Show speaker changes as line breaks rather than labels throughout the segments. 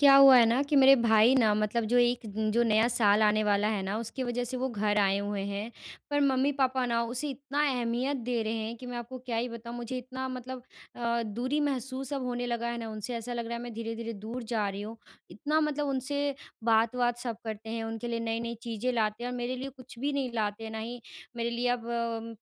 क्या हुआ है ना, कि मेरे भाई ना मतलब जो एक न जो नया साल आने वाला है ना, उसकी वज़ह से वो घर आए हुए हैं। पर मम्मी-पापा ना उसे इतना अहमियत दे रहे हैं, कि मैं आपको क्या ही बताऊँ मुझे इतना मतलब अ, दूरी महसूस अब होने लगा है ना उनसे, ऐसा लग रहा है मैं धीरे-धीरे दूर जा रही हूँ। इतना मतलब उनसे बात-वात सब करते हैं, उनके लिए नई-नई चीज़ें लाते हैं और मेरे लिए कुछ भी नहीं लाते, ना ही मेरे लिए अब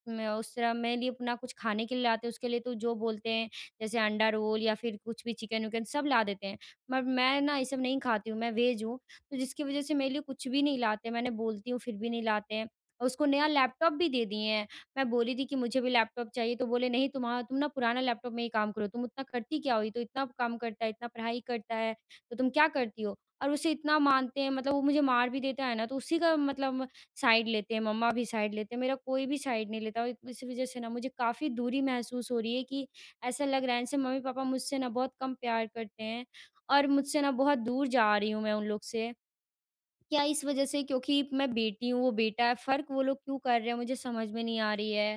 म म उस तरह मेरे लिए ना कुछ खाने के लिए लाते हैं, उसके लिए तो जो बोलते हैं, जैसे अंडा रोल या फिर कुछ भी चिकन-विकन सब ला देते हैं। पर मैं ना ये सब नहीं खाती हूँ, मैं वेज़ हूँ, तो जिसकी वज़ह से मेरे लिए कुछ भी नहीं लाते, मैंने बोलती हूँ, फिर भी नहीं लाते हैं। उसको नया लैपटॉप भी दे दिए हैं, मैं बोली थी कि मुझे भी लैपटॉप चाहिए, तो बोले नहीं तुमहा तुम ना पुराना लैपटॉप में ही काम करो। तुम इतना करती क्या हो, ये तो इतना काम करता है, इतना पढ़ाई करता है, तो तुम क्या करती हो? और उसे इतना मानते हैं, मतलब वो मुझे मार भी देता है ना, तो उसी का मतलब साइड लेते हैं, मम्मा भी साइड लेते हैं, मेरा कोई भी साइड नहीं लेता। और इसी वज़ह से ना मुझे काफ़ी दूरी महसूस हो रही है, कि ऐसा लग रहा है, जैसे मम्मी-पापा मुझसे ना बहुत कम प्यार करते हैं। और मुझसे ना बहुत दूर जा रही हूँ मैं उन लोग से, क्या इस वज़ह से क्योंकि मैं बेटी हूँ, वो बेटा है, फ़र्क वो लोग क्यों कर रहे हैं? मुझे समझ में नहीं आ रही है।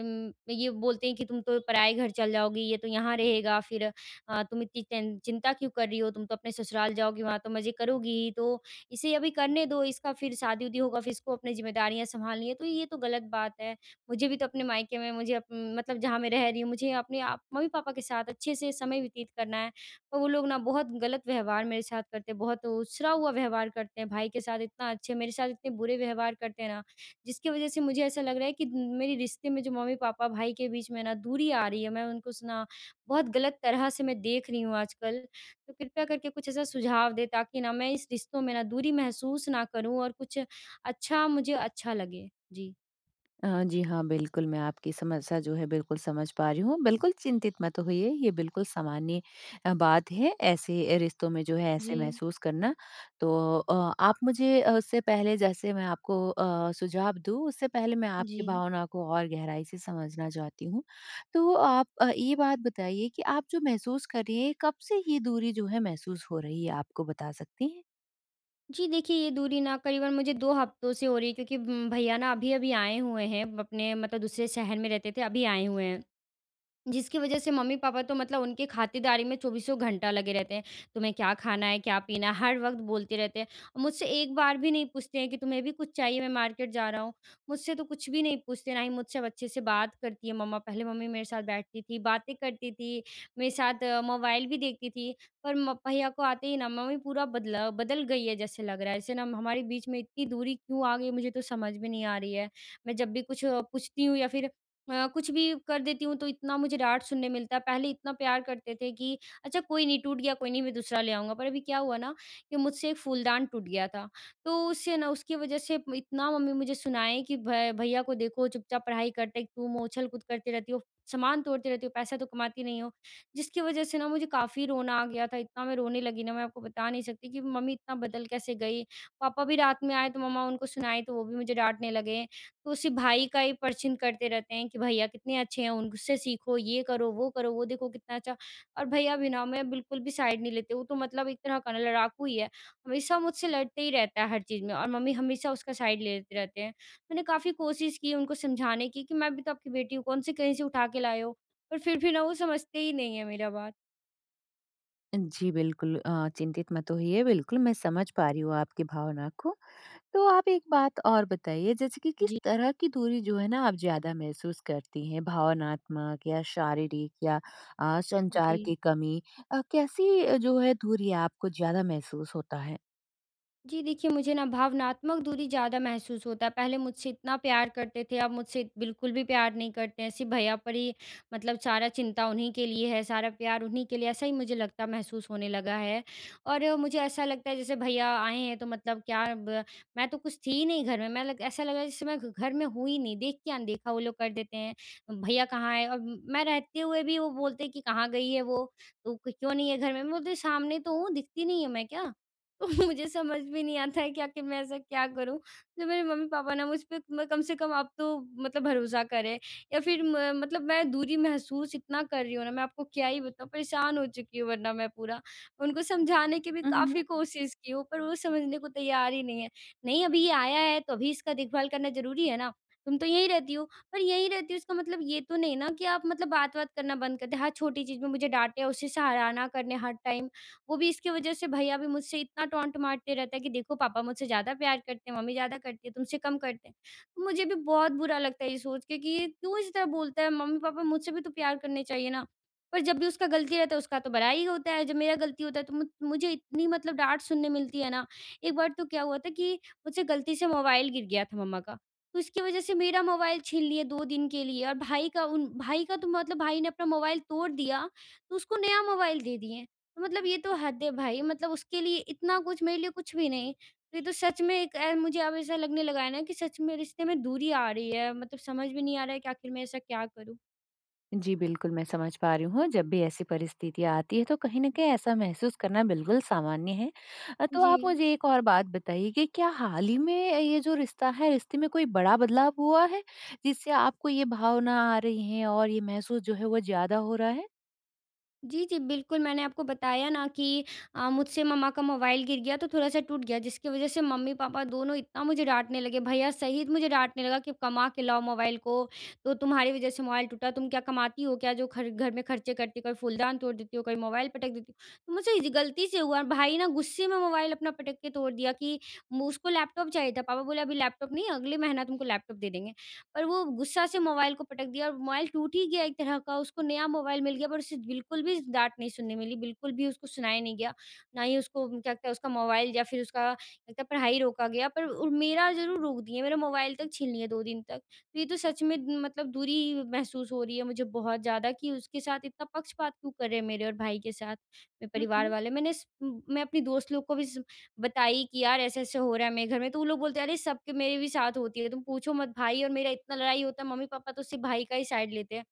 उम, ये बोलते हैं कि तुम तो पराई घर चल जाओगी, ये तो यहाँ रहेगा फिर अ, तुम इतनी चिं चिंता क्यों कर रही हो? तुम तो अपने ससुराल जाओगी, वहाँ तो मज़े करोगी ही। तो इसे अभी करने दो, इसका फिर शादी-वादी होगा, फिर इसको अपनी ज़िम्मेदारियाँ संभालनी है। तो ये तो गलत बात है, मुझे भी तो अपने मायके में मुझे मतलब जहाँ मैं रह रही हूँ, मुझे अपने आप मम्मी-पापा के साथ अच्छे से समय व्यतीत करना है। और वो लोग ना बहुत गलत व्यवहार मेरे साथ करते है, बहुत उछरा हुआ व्यवहार करते हैं। भाई के साथ इतना अच्छे, मेरे साथ इतने बुरे व्यवहार करते हैं ना, जिसकी वज़ह से मुझे ऐसा लग रहा है कि मेरे रिश्ते में जो मम्मी-पापा, भाई के बीच में ना दूरी आ रही है, मैं उनको स ना बहुत गलत तरह से मैं देख रही हूँ आजकल। तो कृपया करके कुछ ऐसा सुझाव दें ताकि ना मैं इस रिश्तों में ना दूरी महसूस ना करूँ और कुछ अच्छा मुझे अच्छा लगे। जी।
हाँ, जी। हाँ, बिल्कुल मैं आपकी समस्या जो है, बिल्कुल समझ पा रही हूँ। बिल्कुल चिंतित मत होइए, ये बिल्कुल सामान्य अ, बात है, ऐसे अ, रिश्तों में जो है ऐसे
जी।
महसूस करना। तो अ, आप मुझे उससे पहले जैसे मैं आपको अ, सुझाव दूँ, उससे पहले मैं आपकी
जी।
भावनाओं को और गहराई से समझना चाहती हूँ। तो, आप अ, ये बात बताइए कि आप जो महसूस कर रही हैं, कब से ये दूरी जो है, महसूस हो रही है आपको, बता सकती हैं?
जी। देखिए, ये दूरी ना करीबन मुझे 2 हफ़्तों से हो रही क्योंकि भ भैया ना अभी-अभी आए हुए हैं। अपने मतलब दूसरे शहर में रहते थे अभी आए हुए हैं जिसकी वज़ह से मम्मी-पापा तो मतलब उनके ख़ातिरदारी में चौबीसों घंटा लगे रहते हैं। तुम्हें क्या खाना है, क्या पीना है? हर वक़्त बोलते रहते हैं और मुझसे एक बार भी नहीं पूछते हैं कि तुम्हें भी कुछ चाहिए मैं मार्केट जा रहा हूँ मुझसे तो कुछ भी नहीं पूछते, ना ही मुझसे अब अच्छे से बात करती है मम्मा। पहले मम्मी मेरे साथ बैठती थी बातें करती थी मेरे साथ मोबाइल भी देखती थी। पर म भैया को आते ही ना मम्मी पूरा बदला बदल गई है जैसे लग रहा है जैसे ना हमारे बीच में इतनी दूरी क्यों आ गई मुझे तो समझ में नहीं आ रही है ।मैं जब भी कुछ पूछती हूँ या फ़िर अ, कुछ भी कर देती हूँ। तो इतना मुझे डाँट सुनने मिलता है पहले इतना प्यार करते थे कि अच्छा कोई नहीं टूट गया, कोई नहीं मैं दूसरा ले आऊँगा। पर अभी क्या हुआ ना कि मुझसे एक फूलदान टूट गया था तो उससे ना उसकी वज़ह से इतना मम्मी मुझे सुनाए कि भ भैया को देखो चुपचाप पढ़ाई करते हैं तुम हो उछल-कूद करती रहती हो। सामान तोड़ती रहती हो पैसा तो कमाती नहीं हो जिसकी वज़ह से ना मुझे काफ़ी रोना आ गया था। इतना मैं रोने लगी ना मैं आपको बता नहीं सकती कि मम्मी इतना बदल कैसे गई पापा भी रात में आए तो मम्मा उनको सुनाई तो वो भी मुझे डाँटने लगे। तो उसी भाई का ही परचीन करते रहते हैं कि भैया कितने अच्छे हैं उनसे सीखो ये करो, वो करो, वो देखो कितना अच्छा और भैया भी ना मैं बिल्कुल भी साइड नहीं लेते वो तो मतलब एक तरह का लड़ाकू ही है हमेशा मुझसे लड़ते ही रहता है हर चीज़ में और मम्मी हमेशा उसका साइड लेते रहते हैं मैंने काफ़ी कोशिश की उनको समझाने कि, कि मैं भी तो आपकी बेटी हूँ। कौन से कहीं से उठा के लाए हो? पर फ़िर भी ना वो समझते ही नहीं है मेरा बात।
जी, बिल्कुल। अ, चिंतित मत होइए, बिल्कुल मैं समझ पा रही हूँ आपकी भावना को। तो आप एक बात और बताइए जैसे कि किस
जी।
तरह की दूरी जो है ना आप ज़्यादा महसूस करती हैं? भावनात्मक या शारीरिक या अ, संचार
जी।
की कमी अ, कैसी जो है दूरी आपको ज़्यादा महसूस होता है?
जी, देखिए मुझे ना भावनात्मक दूरी ज़्यादा महसूस होता है पहले मुझसे इतना प्यार करते थे अब मुझसे बिल्कुल भी प्यार नहीं करते हैं। सिर्फ भैया पर ही मतलब सारा चिंता उन्हीं के लिए है, सारा प्यार उन्हीं के लिए ऐसा ही मुझे लगता है महसूस होने लगा है। और मुझे ऐसा लगता है जैसे भैया आएँ हैं तो मतलब क्या अब मैं तो कुछ थी ही नहीं घर में। मैं लग ऐसा लगा जैसे मैं घ घर में हूँ ही नहीं देख के अनदेखा वो लोग कर देते हैं। भैया कहाँ है? अब मैं रहते हुए भी वो बोलते हैं कि कहाँ गई है वो, तो क्य क्यों नहीं है घर में? मैं बोलती है सामने तो हूँ दिखती नहीं हूँ मैं क्या? तो मुझे समझ में नहीं आता है क्या कि मैं ऐसा क्या करूँ जो मेरे मम्मी-पापा ना मुझ पे म कम से कम अब तो मतलब भरोसा करें। या फिर म मतलब मैं दूरी महसूस इतना कर रही हूँ ना मैं आपको क्या ही बताऊँ परेशान हो चुकी हूँ वरना मैं पूरा। उनको समझाने की भी
अ, हुँ।
काफ़ी कोशिश की हूँ पर वो समझने को तैयार ही नहीं है। नहीं अभी ये आया है तो अभी इसका देखभाल करना ज़रूरी है ना? तुम तो यहीं रहती हो, पर यहीं रहती हो इसका मतलब ये तो नहीं ना कि आप मतलब बात-वात करना बंद करते हैं। हर छोटी चीज़ में मुझे डाँटे, उसे सराहना करने हर टाइम वो भी इसकी वज़ह से भैया भी मुझसे इतना टॉन्ट मारते रहते हैं कि देखो पापा मुझसे ज़्यादा प्यार करते हैं, मम्मी ज़्यादा करती है, तुमसे कम करते हैं। मुझे भी बहुत बुरा लगता है ये सोच के ये क्यों इस तरह बोलता है मम्मी-पापा मुझसे भी तो प्यार करने चाहिए ना। पर जब भी उसका गलती रहता है उसका तो बड़ाई होता है, जब मेरा गलती होता है तो मु मुझे इतनी मतलब डाँट सुनने मिलती है ना, एक बार तो क्या हुआ था कि मुझसे गलती से मोबाइल गिर गया था मम्मा का। तो उसकी वज़ह से मेरा मोबाइल छीन लिया 2 दिन के लिए और भाई का उन भाई का तो मतलब भाई ने अपना मोबाइल तोड़ दिया तो उसको नया मोबाइल दे दिए। मतलब ये तो हद है भई मतलब उसके लिए इतना कुछ मेरे लिए कुछ भी नहीं। ये तो सच में एक अ, मुझे अब ऐसा लगने लगा है ना कि सच में रिश्ते में दूरी आ रही है मतलब समझ भी नहीं आ रहा है कि आख़िर मैं ऐसा क्या करूँ?
जी, बिल्कुल मैं समझ पा रही हूँ, जब भी ऐसी परिस्थिति आती है, तो कहीं न कहीं ऐसा महसूस करना बिल्कुल सामान्य है। अ, तो आप
जी।
मुझे एक और बात बताइए कि क्या हाल ही में, ये जो रिश्ता है, रिश्ते में कोई बड़ा बदलाव हुआ है, जिससे आपको ये भावना आ रही हैं और ये महसूस जो है, वो ज़्यादा हो रहा है?
जी, जी, बिल्कुल मैंने आपको बताया ना कि अ, मुझसे मम्मा का मोबाइल गिर गया, तो थोड़ा-सा टूट गया, जिसके वज़ह से मम्मी-पापा दोनों इतना मुझे डाँटने लगे, भईया सहित मुझे डाँटने लगा, कि कमा के लाओ मोबाइल को, तो तुम्हारी वज़ह से मोबाइल टूटा, तुम क्या कमाती हो क्या जो खर घर में खर्चे करती हो? कभी फूलदान तोड़ देती हो, कभी मोबाइल पटक देती हो। मुझे इस गलती से हुआ, भाई ना गुस्से में मोबाइल अपना पटक के तोड़ दिया कि मु उसको लैपटॉप चाहिए था, पापा बोले अभी लैपटॉप नहीं अगले महीना तुमको लैपटॉप दे देंगे। पर वो गुस्सा से मोबाइल को पटक दिया और मोबाइल टूट ही गया एक तरह का, उसको नया मोबाइल मिल गया पर उसे बिल्कुल भी डाँट नहीं सुनने मिली, बिल्कुल भी उसको सुनाया नहीं गया। ना ही उसको क्या कहते, उसका मोबाइल या फिर उसका [unintelligible] पढ़ाई रोका गया, पर उ मेरा ज़रूर रोक दिए, मेरा मोबाइल तक छीन लिया 2 दिन तक। तो ये तो सच में मतलब दूरी महसूस हो रही है मुझे बहुत ज़्यादा कि, उसके साथ इतना पक्षपात क्यों कर रहे हैं? मेरे और भाई के साथ, मेरे
हुँ,
परिवार
हुँ।
वाले। मैंने स मैं अपनी दोस्त लोग को भी सब बताई कि, यार ऐसे-ऐसे हो रहा है मेरे घर में, तो वो लोग बोलते हैं, अरे सबके मेरे भी साथ होती है, तुम पूछो मत भाई और मेरा इतना लड़ाई होता है, मम्मी-पापा तो सिर्फ़ भाई का ही साइड लेते हैं।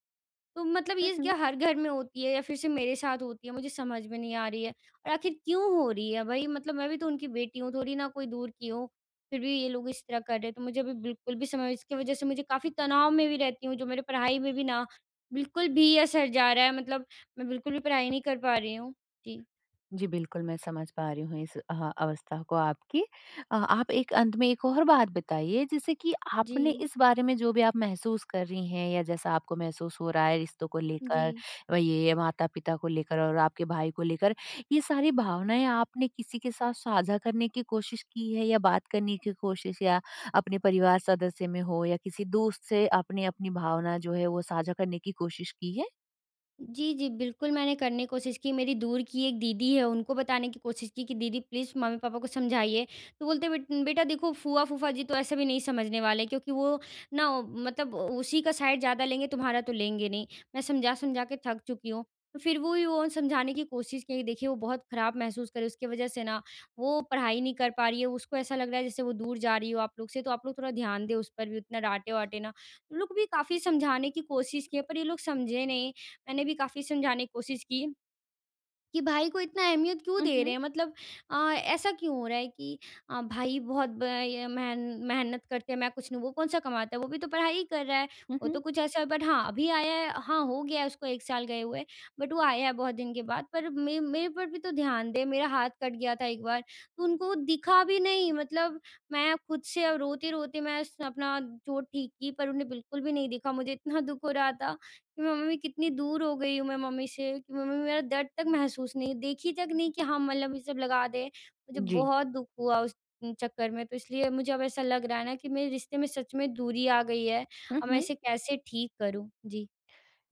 तो मतलब
हुँ,
ये क्या
हुँ।
हर घर में होती है या फिर से मेरे साथ होती है, मुझे समझ में नहीं आ रही है और आख़िर क्यों हो रही है भाई? मतलब मैं भी तो उनकी बेटी हूँ, थोड़ी ना कोई दूर की हूँ। फिर भी ये लोग इस तरह कर रहे हैं, तो मुझे भी बिल्कुल भी समझ इसकी वजह से मुझे काफ़ी तनाव में भी रहती हूँ, जो मेरे पढ़ाई में भी ना बिल्कुल भी असर जा रहा है मतलब मैं बिल्कुल भी पढ़ाई नहीं कर पा रही हूँ। जी।
जी, बिल्कुल मैं समझ पा रही हूँ इस अ, अवस्था को आपकी। अ, आप एक अंत में एक और बात बताइए, जैसे कि आपने
जी।
इस बारे में जो भी आप महसूस कर रही हैं या जैसा आपको महसूस हो रहा है, रिश्तों को लेकर,
जी।
व ये माता-पिता को लेकर और आपके भाई को लेकर। ये सारी भावनाएँ आपने किसी के साथ साझा करने की कोशिश की है या बात करने की कोशिश या अपने परिवार सदस्य में हो या किसी दोस्त से आपने अपनी भावना जो है, वो साझा करने की कोशिश की है?
जी, जी बिल्कुल मैंने करने की कोशिश की। मेरी दूर की एक दीदी है उनको बताने की कोशिश की कि दीदी प्लीज़ मम्मी-पापा को समझाइए। तो बोलते हैं बेट बेटा देखो फूआ-फूफा जी तो ऐसे भी नहीं समझने वाले। क्योंकि वो ना मतलब उसी का साइड ज़्यादा लेंगे तुम्हारा तो लेंगे नहीं। मैं समझा-समझा के थक चुकी हूँ। फिर वो ही वो समझाने की कोशिश की देखिए वो बहुत खराब महसूस कर रही उसकी वजह से ना वो पढ़ाई नहीं कर पा रही है। उसको ऐसा लग रहा है जैसे वो दूर जा रही हो आप लोग से। तो आप लोग थोड़ा ध्यान दें उस पर भी उतना डाँटे-वाटे ना। वो लोग भी काफ़ी समझाने की कोशिश की है पर ये लोग समझे नहीं। मैंने भी काफ़ी समझाने की कोशिश की, कि भाई को इतना अहमियत क्यों
हुँ,
दे रहे
हुँ।
हैं? मतलब अ, ऐसा क्यों हो रहा है कि अ, भाई बहुत ब अ, मेहन मेहनत करते हैं मैं कुछ नहीं, वो कौन-सा कमाता है? वो भी तो पढ़ाई ही कर रहा है।
हुँ,
वो तो
हुँ।
कुछ ऐसा है बट हाँ, अभी आया है हाँ, हो गया है उसको 1 साल गए हुए बट वो आया है बहुत दिन के बाद। पर मे मेरे पर भी तो ध्यान दे। मेरा हाथ कट गया था एक बार, तो उनको वो दिखा भी नहीं। मतलब मैं खुद से अब रोते-रोते मैं स अपना चोट ठीक की पर उन्होंने बिल्कुल भी नहीं दिखा। मुझे इतना दुःख हो रहा था कि मैं मम्मी कितनी दूर हो गई हूँ मैं मम्मी से, कि मम्मी मेरा दर्द तक महसूस नहीं देखी तक नहीं कि हाँ, मलहम ये सब लगा दें। मुझे
जी।
बहुत दुःख हुआ उस चक्कर में तो इसलिए मुझे अब ऐसा लग रहा है ना कि मेरे रिश्ते में सच में दूरी आ गई है।
हुँ,
अब मैं
हुँ।
इसे कैसे ठीक करूँ? जी।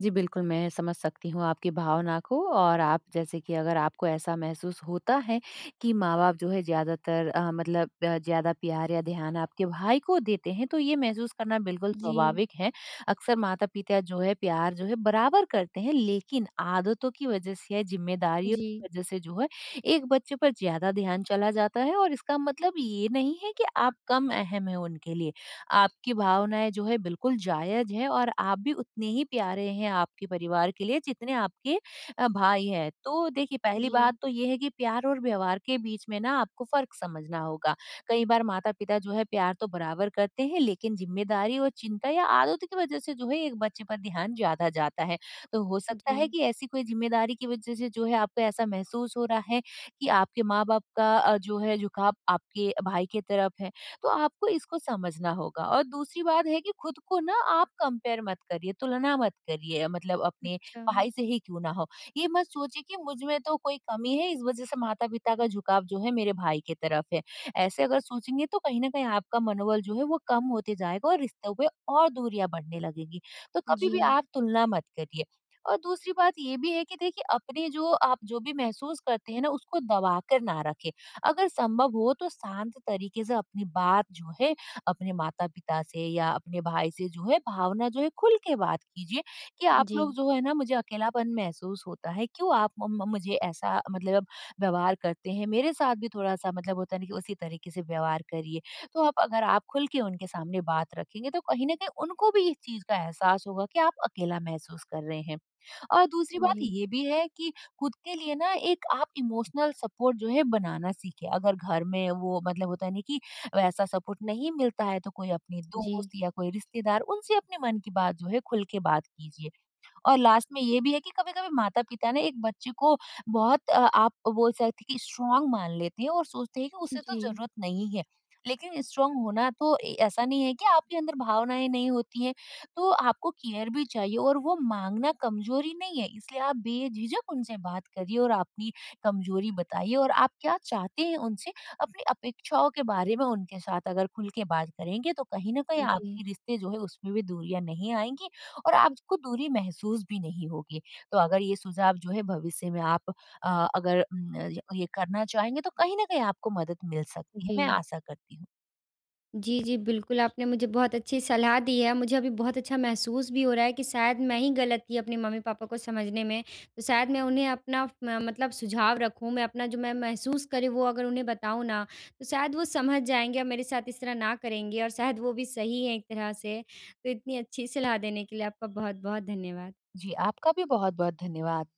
जी, बिल्कुल। मैं समझ सकती हूँ आपकी भावना को और आप जैसे कि अगर आपको ऐसा महसूस होता है कि माँ-बाप जो है ज़्यादातर अ, मतलब अ, ज़्यादा प्यार या ध्यान आपके भाई को देते हैं तो ये महसूस करना बिल्कुल
जी।
स्वाभाविक है। अक्सर माता-पिता जो है प्यार जो है बराबर करते हैं लेकिन आदतों की वजह से या ज़िम्मेदारियों
जी।
की वजह से जो है एक बच्चे पर ज़्यादा ध्यान चला जाता है और इसका मतलब ये नहीं है कि आप कम अहम हैं उनके लिए। आपकी भावनाएँ जो है बिल्कुल जायज़ है और आप भी उतने ही प्यारे हैं आपके परिवार के लिए जितने आपके अ, भाई हैं। तो देखिए पहली बात
जी
तो ये है कि प्यार और व्यवहार के बीच में ना आपको फ़र्क समझना होगा। कई बार माता-पिता जो है प्यार तो बराबर करते हैं लेकिन ज़िम्मेदारी और चिंता या आदतों की वजह से जो है एक बच्चे पर ध्यान ज़्यादा जाता है। तो हो सकता है
जी।
कि ऐसी कोई ज़िम्मेदारी की वजह से जो है आपको ऐसा महसूस हो रहा है कि आपके माँ-बाप का अ, जो है झुकाव आपके भाई की तरफ है तो आपको इसको समझना होगा। और दूसरी बात है कि खुद को ना आप कंपेयर मत करिए, तुलना मत करिए मतलब अपने
अच्छा।
भाई से ही क्यों ना हो। ये मत सोचिए कि मुझ में तो कोई कमी है इस वजह से माता-पिता का झुकाव जो है मेरे भाई की तरफ है, ऐसे अगर सोचेंगे तो कहीं न कहीं आपका मनोबल जो है वो कम होते जाएगा और रिश्तों पे और दूरियाँ बढ़ने लगेगी। तो कभी भी
जी।
आप तुलना मत करिए। और दूसरी बात ये भी है कि देखिए अपने जो आप जो भी महसूस करते हैं ना उसको दबाकर ना रखें। अगर संभव हो तो शांत तरीके से अपनी बात जो है अपने माता-पिता से या अपने भाई से जो है भावना जो है खुल के बात कीजिए कि आप लोग
जी
जो है ना मुझे अकेलापन महसूस होता है। क्यों आप मम मुझे ऐसा मतलब व्यवहार करते हैं। मेरे साथ भी थोड़ा-सा मतलब होता है ना कि उसी तरीके से व्यवहार करिए। तो आप अगर आप खुल के उनके सामने बात रखेंगे तो कहीं न कहीं उनको भी इस चीज़ का एहसास होगा कि आप अकेला महसूस कर रहे हैं। और दूसरी बात
जी।
ये भी है कि खुद के लिए ना एक आप इमोशनल सपोर्ट जो है बनाना सीखें। अगर घर में वो मतलब होता है नहीं कि वैसा सपोर्ट नहीं मिलता है तो कोई अपने दोस्त
जी।
या कोई रिश्तेदार उनसे अपने मन की बात जो है खुल के बात कीजिए और लास्ट में ये भी है कि कभी-कभी माता पिता ना एक बच्चे को बहुत अ आप बोल सकते हैं कि स्ट्राँग मान लेते हैं और सोचते हैं कि उसे तो
जी।
ज़रूरत नहीं है। लेकिन स्ट्राँग होना तो ए ऐसा नहीं है कि आपके अंदर भावनाएँ नहीं होती है। तो आपको केयर भी चाहिए और वो माँगना कमज़ोरी नहीं है इसलिए आप बेझिझक उनसे बात करिए। और अपनी कमज़ोरी बताइए और आप क्या चाहते हैं उनसे अपनी अपेक्षाओं के बारे में उनके साथ अगर खुल के बात करेंगे तो कहीं न कहीं
जी।
आपकी रिश्ते जो है उसमें भी दूरियाँ नहीं आएँगी और आपको दूरी महसूस भी नहीं होगी। तो अगर ये सुझाव जो है भविष्य में आप अ, अगर उम, ये करना चाहेंगे तो कहीं न कहीं आपको मदद मिल सकती है। मैं
जी।
आशा करती हूँ।
जी, जी, बिल्कुल आपने मुझे बहुत अच्छी सलाह दी है। मुझे अभी बहुत अच्छा महसूस भी हो रहा है कि शायद मैं ही गलत थी अपने मम्मी-पापा को समझने में। तो शायद मैं उन्हें अपना फ म मतलब सुझाव रखूँ। मैं अपना जो मैं महसूस कर रही वो अगर उन्हें बताऊँ ना तो शायद वो समझ जाएँगे। और मेरे साथ इस तरह ना करेंगे और शायद वो भी सही है एक तरह से तो इतनी अच्छी सलाह देने के लिए आपका बहुत-बहुत धन्यवाद।
जी, आपका भी बहुत-बहुत धन्यवाद।